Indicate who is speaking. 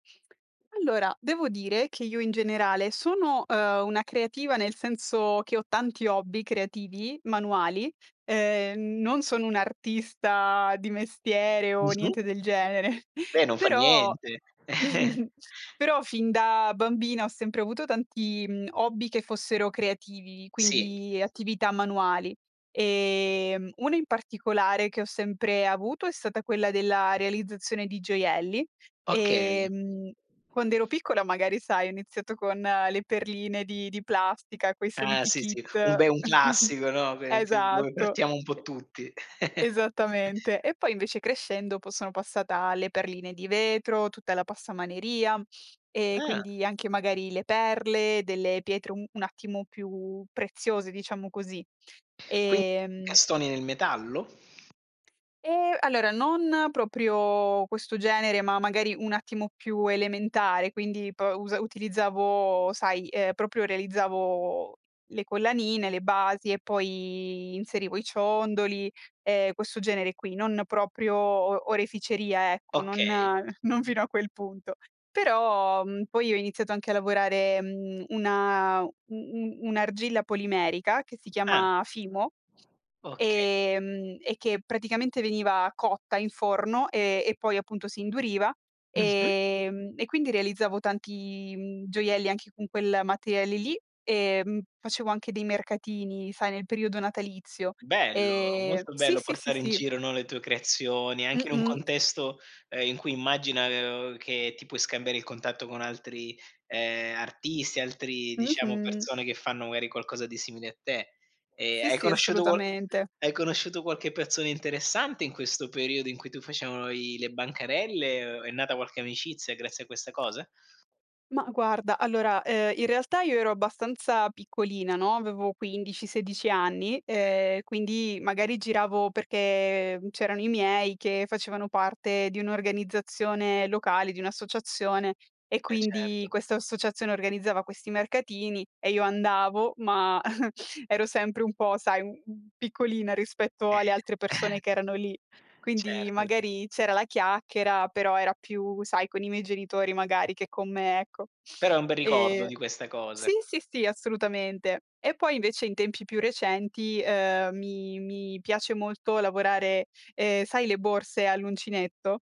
Speaker 1: Allora, devo dire che io in generale sono ehm, una creativa nel senso che ho tanti hobby creativi manuali. Ehm, non sono un'artista di mestiere o
Speaker 2: Mh-mh.
Speaker 1: niente del genere,
Speaker 2: Beh, non fa
Speaker 1: però
Speaker 2: niente.
Speaker 1: però fin da bambina ho sempre avuto tanti hobby che fossero creativi,
Speaker 2: Sì.
Speaker 1: quindi attività manuali. Ehm, uno in particolare che ho sempre avuto è stata quella della realizzazione di gioielli,
Speaker 2: Okay.
Speaker 1: ehm, quando ero piccola magari sai, ho iniziato con le perline di di plastica, quei
Speaker 2: Eh,
Speaker 1: soliti
Speaker 2: sì,
Speaker 1: kit.
Speaker 2: sì, un be un classico, no, ve si dove
Speaker 1: Esatto,
Speaker 2: partiamo un po' tutti.
Speaker 1: esattamente. E poi invece crescendo poi sono passata alle perline di vetro, tutta la passamaneria e
Speaker 2: Ah.
Speaker 1: quindi anche magari le perle, delle pietre un attimo più preziose, diciamo così.
Speaker 2: Qui
Speaker 1: Ehm
Speaker 2: castoni nel metallo?
Speaker 1: E, allora non proprio questo genere, ma magari un attimo più elementare, quindi p utilizzavo, sai, ehm, proprio realizzavo le collanine, le basi e poi inserivo i ciondoli, e questo genere qui, non proprio o oreficeria, ecco, non
Speaker 2: Okay.
Speaker 1: non fino a quel punto. Però mhmm, poi ho iniziato anche a lavorare mhmm, una u u un'argilla polimerica che si
Speaker 2: Eh.
Speaker 1: chiama FIMO.
Speaker 2: Okay.
Speaker 1: E, mhmm, e che praticamente veniva cotta in forno e e poi appunto si induriva
Speaker 2: Mh-mh.
Speaker 1: ehm, e quindi realizzavo tanti mhmm, gioielli anche con quel materiale lì ehm, facevo anche dei mercatini sai nel periodo natalizio.
Speaker 2: Bello,
Speaker 1: Ehm
Speaker 2: molto
Speaker 1: sì,
Speaker 2: bello
Speaker 1: sì, sì,
Speaker 2: portare in
Speaker 1: sì.
Speaker 2: giro, no, le tue creazioni, anche in un
Speaker 1: Mh-mh.
Speaker 2: contesto ehm, in cui immagina che ti puoi scambiare il contatto con altri ehm artisti, altri diciamo
Speaker 1: Mh-mh.
Speaker 2: persone che fanno magari qualcosa di simile a te. E
Speaker 1: Sì,
Speaker 2: hai
Speaker 1: sì,
Speaker 2: conosciuto qual
Speaker 1: assolutamente.
Speaker 2: hai conosciuto qualche persona interessante in questo periodo, in cui tu facevano i le bancarelle o è nata qualche amicizia grazie a questa cosa?
Speaker 1: Ma, guarda allora ehm, in realtà io ero abbastanza piccolina, no, avevo 15, 16 anni, ehm, quindi magari giravo perché c'erano i miei che facevano parte di un'organizzazione locale, di un'associazione e
Speaker 2: Eh,
Speaker 1: quindi
Speaker 2: certo.
Speaker 1: questa associazione organizzava questi mercatini e io andavo, ma ero sempre un po' sai, piccolina rispetto
Speaker 2: Eh.
Speaker 1: alle altre persone che erano lì. Quindi
Speaker 2: Certo.
Speaker 1: magari c'era la chiacchiera, però era più, sai, con i miei genitori magari che con me, ecco.
Speaker 2: Però è un bel ricordo
Speaker 1: E
Speaker 2: di queste
Speaker 1: sì,
Speaker 2: cose.
Speaker 1: sì, sì, assolutamente. E poi invece in tempi più recenti ehm, mi mi piace molto lavorare ehm, sai le borse all'uncinetto?